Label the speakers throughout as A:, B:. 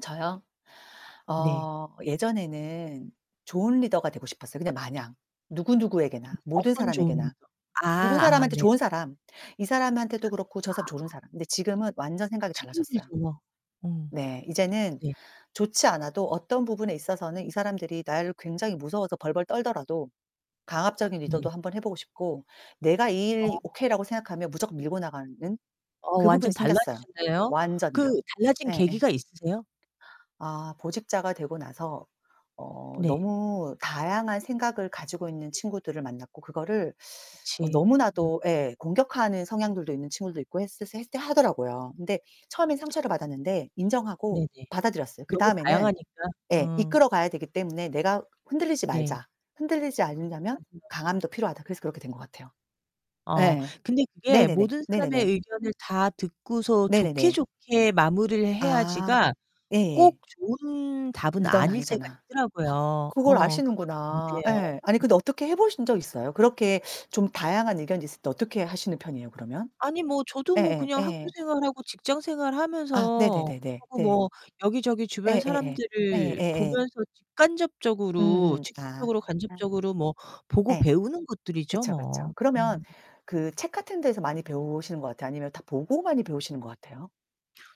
A: 저요?
B: 네.
A: 어 예전에는 좋은 리더가 되고 싶었어요. 근데 마냥,
B: 음.
A: 누구누구에게나, 모든
B: 어떤 좋은
A: 사람에게나.
B: 아.
A: 누군
B: 아
A: 사람한테
B: 네네.
A: 좋은 사람, 이 사람한테도 그렇고 저 사람 좋은
B: 아.
A: 사람. 근데 지금은 완전
B: 그
A: 생각이
B: 참
A: 달라졌어요.
B: 힘들죠. 음.
A: 네. 이제는
B: 네.
A: 좋지 않아도 어떤 부분에 있어서는 이 사람들이 나를 굉장히 무서워서 벌벌 떨더라도 강압적인
B: 네.
A: 리더도 한번 해 보고 싶고, 내가 이
B: 어.
A: 일이 오케이라고 생각하면 무조건 밀고 나가는
B: 어
A: 그 부분이
B: 완전
A: 생겼어요.
B: 달라지셨네요. 그
A: 완전요.
B: 달라진
A: 예예.
B: 계기가 있으세요?
A: 아. 보직자가 되고 나서 어
B: 네.
A: 너무 다양한 생각을 가지고 있는 친구들을 만났고 그거를 어
B: 그치. 응.
A: 너무나도 예 공격하는 성향들도 있는 친구들도 있고 했을 했을 때 하더라고요. 근데 처음엔 상처를 받았는데 인정하고
B: 네네.
A: 받아들였어요.
B: 너무
A: 그다음에는
B: 다양하니까
A: 예
B: 음.
A: 이끌어 가야 되기 때문에 '내가 흔들리지
B: 네.
A: 말자. 흔들리지 않으려면
B: [unintelligible]
A: 강함도 필요하다.' 그래서 그렇게 된 것 같아요.
B: 어
A: 예예.
B: 근데 그게
A: 네네네.
B: '모든 사람의
A: 네네네.
B: 의견을 다 듣고서 좋게
A: 네네네.
B: 좋게 마무리를
A: 아
B: 해야지.'가 꼭
A: 예예.
B: 좋은 답은
A: 리더는
B: 아닐 때가
A: 아니잖아.
B: 있더라고요.
A: 그걸
B: 어 그건
A: 아시는구나.
B: 안돼요.
A: 예. 아니 근데 어떻게 해 보신 적 있어요? 그렇게 좀 다양한 의견이 있을 때 어떻게 하시는 편이에요, 그러면?
B: 아니 뭐 저도 뭐
A: 예예.
B: 그냥 학교
A: 예.
B: 생활하고 직장 생활
A: 아.
B: 하면서
A: 네네네네. 네.
B: 뭐 여기저기 주변
A: 예예예.
B: 사람들을
A: 예예예.
B: 보면서 직간접적으로
A: 음음. 아.
B: 직접적으로 간접적으로 뭐 보고
A: 예.
B: 배우는 것들이죠,
A: 그쵸, 그쵸.
B: 뭐.
A: 그러면
B: 음.
A: 그 책 같은 데서 많이 배우시는 거 같아요, 아니면 다 보고 많이 배우시는 것 같아요?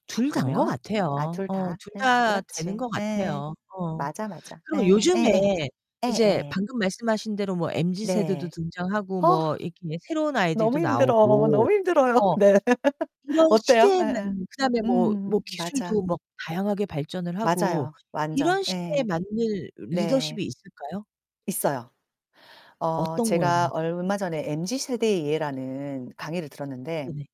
B: 둘 다인 거
A: 보면 아
B: 같아요.
A: 둘
B: 어
A: 다.
B: 둘
A: 예.
B: 다 되는
A: 그렇지.
B: 거
A: 예예예.
B: 같아요. 어.
A: 맞아, 맞아.
B: 그리고
A: 예예. 예예.
B: 요즘에 이제
A: 예예.
B: 방금 말씀하신 대로 뭐 MZ 세대도
A: 네.
B: 등장하고,
A: 어
B: 뭐 이렇게 새로운
A: 너무
B: 아이들도
A: 힘들어.
B: 나오고
A: 너무 힘들어요.
B: 어
A: 네.
B: 이런
A: 어때요?
B: 시대에
A: 예예.
B: 맞는 그다음에 뭐
A: 음
B: 뭐
A: 맞아.
B: 기술도 뭐 다양하게 발전을 하고
A: 맞아요, 완전.
B: 이런 시대에
A: 예.
B: 맞는
A: 네.
B: 리더십이 있을까요?
A: 있어요. 어
B: 어떤
A: 제가
B: 거였나요?
A: 얼마 전에 MZ 세대의 예라는 강의를 들었는데
B: 네네.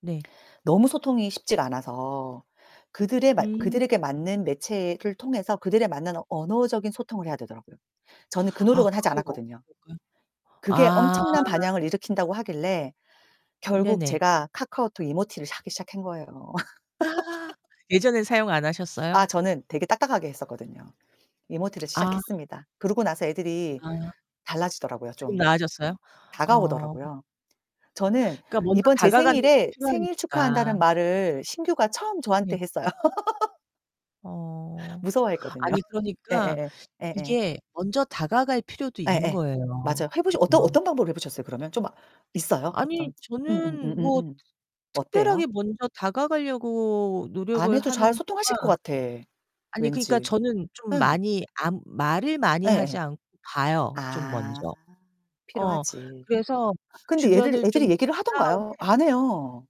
B: 네.
A: 너무 소통이 쉽지가 않아서 그들에 맞
B: 음.
A: 그들에게 맞는 매체를 통해서 그들에 맞는 언어적인 소통을 해야 되더라고요. 저는 그
B: 아
A: 노력은 하지
B: 그게
A: 않았거든요.
B: 먹히던가요?
A: 그게
B: 아.
A: 엄청난 반향을 일으킨다고 하길래 결국
B: 네네.
A: 제가 카카오톡 이모티를 사기 시작한 거예요.
B: 아. 예전에 사용 안
A: 아
B: 하셨어요?
A: 저는 되게 딱딱하게 했었거든요. 이모티를
B: 아.
A: 시작했습니다. 그러고 나서 애들이
B: 아.
A: 달라지더라고요,
B: 조금
A: 좀.
B: 나아졌어요? 어.
A: 다가오더라고요. 저는
B: 그러니까 먼저
A: 이번 제
B: 다가가는 것도
A: 생일에 "생일
B: 필요하니까.
A: 축하한다."는 말을 신규가 처음 저한테
B: 네.
A: 했어요.
B: 어.
A: 무서워했거든요.
B: 아니, 그러니까
A: 예예예. 예예.
B: 이게 먼저 다가갈 필요도
A: 예예.
B: 있는거예요,
A: 맞아요. 해 보시 어떤
B: 그죠?
A: 어떤 방법으로 해 보셨어요? 그러면 좀 있어요?
B: 아니,
A: 어떤 음음
B: 저는 뭐
A: 음음음. 어때요?
B: 특별하게 먼저 다가가려고
A: 안
B: 노력을
A: 해도 잘
B: 하는 거가
A: 소통하실 것 같아,
B: 아니 그러니까
A: 왠지.
B: 저는 좀
A: 응.
B: 많이 안 말을 많이 하지
A: 예예.
B: 않고 봐요 좀,
A: 아.
B: 먼저. 어
A: 필요하지.
B: 그래서
A: 근데 애들
B: 주변을 좀
A: 애들이
B: 본
A: 얘기를 하던가요?
B: 다음에
A: 안 해요.